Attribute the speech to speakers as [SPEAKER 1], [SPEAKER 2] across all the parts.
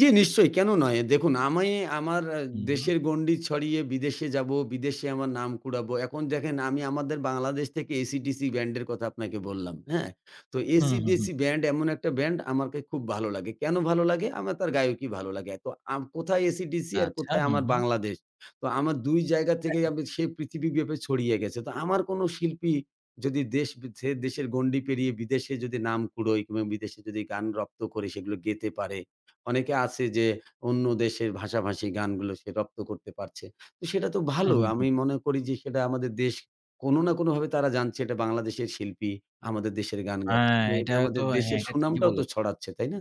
[SPEAKER 1] জি, নিশ্চয়ই। কেন নয়? দেখুন আমি আমার এ
[SPEAKER 2] হুম, হুম।
[SPEAKER 1] দেশের গণ্ডি ছড়িয়ে বিদেশে যাবো, বিদেশে আমার নাম কুড়াবো। এখন দেখেন আমি আমাদের বাংলাদেশ থেকে AC/DC ব্যান্ডের কথা আপনাকে বললাম। হ্যাঁ? তো
[SPEAKER 2] হুম, হুম,
[SPEAKER 1] AC/DC
[SPEAKER 2] হুম।
[SPEAKER 1] ব্যান্ড এমন একটা ব্যান্ড আমাকে খুব ভালো লাগে। কেন ভালো লাগে? আমার তার গায়কী ভালো লাগে। অ্যাঁ তো আম কোথায় AC/DC আর
[SPEAKER 2] আচ্ছা
[SPEAKER 1] কোথায়
[SPEAKER 2] হু,
[SPEAKER 1] আমার
[SPEAKER 2] হু।
[SPEAKER 1] বাংলাদেশ। তো আমার দুই জায়গা থেকেই
[SPEAKER 2] হ্যাঁ।
[SPEAKER 1] আমি সে পৃথিবীব্যাপী ছড়িয়ে গেছে। তো আমার কোন শিল্পী যদি দেশ বি ছেড়ে দেশের গণ্ডি পেরিয়ে বিদেশে যদি নাম কুড়োয় কিংবা বিদেশে যদি গান রপ্ত করে সেগুলো গেতে পারে। অনেকে আছে যে অন্য দেশের ভাষাভাষী গানগুলো সে রপ্ত করতে পারছে। তো সেটা তো
[SPEAKER 2] হুম,
[SPEAKER 1] ভালো,
[SPEAKER 2] হুম,
[SPEAKER 1] আমি
[SPEAKER 2] হুম।
[SPEAKER 1] মনে করি যে সেটা আমাদের দেশ কোন না কোনভাবে তারা জানছে এটা বাংলাদেশের শিল্পী। আমাদের দেশের গান গাচ্ছে।
[SPEAKER 2] হ্যাঁ,
[SPEAKER 1] তো এটা
[SPEAKER 2] এটাও তো।
[SPEAKER 1] আমাদের
[SPEAKER 2] হ্যাঁ,
[SPEAKER 1] দেশের
[SPEAKER 2] এটা ঠিকই
[SPEAKER 1] সুনামটাও তো
[SPEAKER 2] বলেছেন।
[SPEAKER 1] ছড়াচ্ছে, তাই না?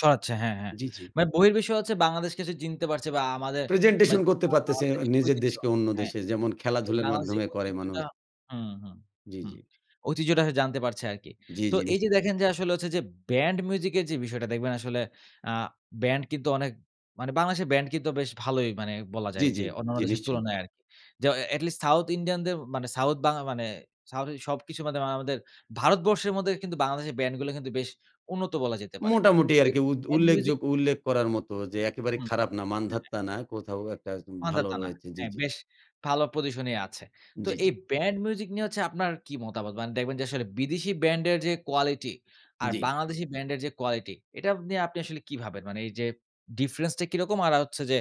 [SPEAKER 2] ছড়াচ্ছে হ্যাঁ, হ্যাঁ।
[SPEAKER 1] জি, জি।
[SPEAKER 2] মানে বহির্বিশ্ব হচ্ছে বাংলাদেশকে যে চিনতে পারছে বা আমাদের,
[SPEAKER 1] প্রেজেন্টেশন
[SPEAKER 2] মানে
[SPEAKER 1] করতে পারতেছে
[SPEAKER 2] আমাদের যে
[SPEAKER 1] নিজের
[SPEAKER 2] ঐতিহ্য,
[SPEAKER 1] দেশকে অন্য
[SPEAKER 2] হ্যাঁ?
[SPEAKER 1] দেশে যেমন খেলাধুলার
[SPEAKER 2] বাংলাদেশের
[SPEAKER 1] মাধ্যমে করে মানুষ।
[SPEAKER 2] ঐতিহ্যটা হুম, হুম,
[SPEAKER 1] জি,
[SPEAKER 2] হুম।
[SPEAKER 1] জি।
[SPEAKER 2] ঐতিহ্যটা সে জানতে পারছে আরকি।
[SPEAKER 1] জি,
[SPEAKER 2] তো
[SPEAKER 1] জি।
[SPEAKER 2] এই যে
[SPEAKER 1] নিশ্চয়ই।
[SPEAKER 2] দেখেন যে আসলে হচ্ছে যে ব্যান্ড মিউজিকের যে বিষয়টা দেখবেন আসলে আ ব্যান্ড কিন্তু অনেক মানে বাংলাদেশের ব্যান্ড কিন্তু বেশ ভালোই মানে বলা
[SPEAKER 1] জি,
[SPEAKER 2] যায়
[SPEAKER 1] জি।
[SPEAKER 2] যে অন্যান্য
[SPEAKER 1] জি
[SPEAKER 2] দেশের
[SPEAKER 1] নিশ্চয়ই।
[SPEAKER 2] তুলনায় আরকি। যে অ এট লিস্ট সাউথ ইন্ডিয়ানদের মানে সাউথ বাংলা মানে সাউথ এশিয়ার সবকিছু বাদে মানে আমাদের ভারতবর্ষের মধ্যে কিন্তু বাংলাদেশের ব্যান্ডগুলো কিন্তু বেশ উন্নত বলা যেতে পারে।
[SPEAKER 1] মোটামুটি
[SPEAKER 2] এ
[SPEAKER 1] আরকি উদ
[SPEAKER 2] এট মিউজিক
[SPEAKER 1] উল্লেখযোগ্য উল্লেখ করার মত যে একেবারে
[SPEAKER 2] হুম।
[SPEAKER 1] খারাপ না,
[SPEAKER 2] হ্যাঁ, হ্যাঁ।
[SPEAKER 1] মান্ধাতা না। কোথাও একটা উম ভালো
[SPEAKER 2] মান্ধাতা না।
[SPEAKER 1] রয়েছে। জি,
[SPEAKER 2] হ্যাঁ,
[SPEAKER 1] জি।
[SPEAKER 2] বেশ ভালো পজিশনেই আছে। তো
[SPEAKER 1] জি, জি।
[SPEAKER 2] এই ব্যান্ড মিউজিক নিয়ে হচ্ছে আপনার কি মতামত? মানে দেখবেন যে আসলে বিদেশি ব্যান্ডের যে কোয়ালিটি আর
[SPEAKER 1] জি।
[SPEAKER 2] বাংলাদেশি ব্যান্ডের যে কোয়ালিটি এটা নিয়ে আপনি আসলে কি ভাবেন? মানে এই যে ডিফরেন্সটা কিরকম আর আ হচ্ছে যে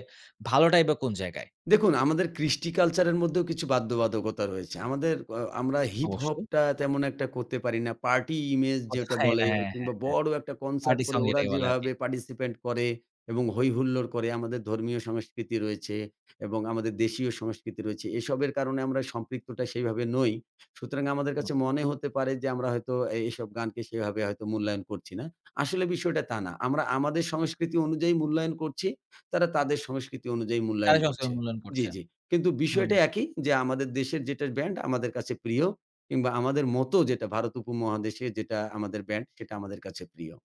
[SPEAKER 2] ভালোটাই বা কোন জায়গায়?
[SPEAKER 1] দেখুন আমাদের কৃষ্টি কালচারের মধ্যেও কিছু বাধ্যবাধকতা রয়েছে। আমাদের আ আমরা হিপহপটা তেমন একটা করতে পারি না। পার্টি ইমেজ যেটা
[SPEAKER 2] [unintelligible] হ্যাঁ,
[SPEAKER 1] বলে
[SPEAKER 2] হ্যাঁ,
[SPEAKER 1] কিংবা
[SPEAKER 2] হ্যাঁ।
[SPEAKER 1] বড় একটা কনসার্ট
[SPEAKER 2] পার্টি সং
[SPEAKER 1] করে ওরা
[SPEAKER 2] যেটাকে বলে আরকি।
[SPEAKER 1] যেভাবে পার্টিসিপেন্ট করে এবং হৈহুল্লোর করে আমাদের ধর্মীয় সংস্কৃতি রয়েছে এবং আমাদের দেশীয় সংস্কৃতি রয়েছে; এসবের কারণে আমরা সম্পৃক্তটা সেইভাবে নই। সুতরাং আমাদের
[SPEAKER 2] হুম।
[SPEAKER 1] কাছে মনে হতে পারে যে আমরা হয়তো এইসব গানকে সেভাবে হয়তো মূল্যায়ন করছি না। আসলে বিষয়টা তা না। আমরা আমাদের সংস্কৃতি অনুযায়ী মূল্যায়ন করছি। তারা তাদের সংস্কৃতি অনুযায়ী
[SPEAKER 2] তারা
[SPEAKER 1] মূল্যায়ন করছে।
[SPEAKER 2] সবসময় মূল্যায়ন
[SPEAKER 1] জি,
[SPEAKER 2] করছে।
[SPEAKER 1] জি। কিন্তু
[SPEAKER 2] হুম।
[SPEAKER 1] বিষয়টা একই, যে আমাদের দেশের যেটা ব্যান্ড আমাদের কাছে প্রিয়। কিংবা আমাদের মতো যেটা ভারত উপমহাদেশে যেটা আমাদের ব্যান্ড সেটা আমাদের কাছে প্রিয়।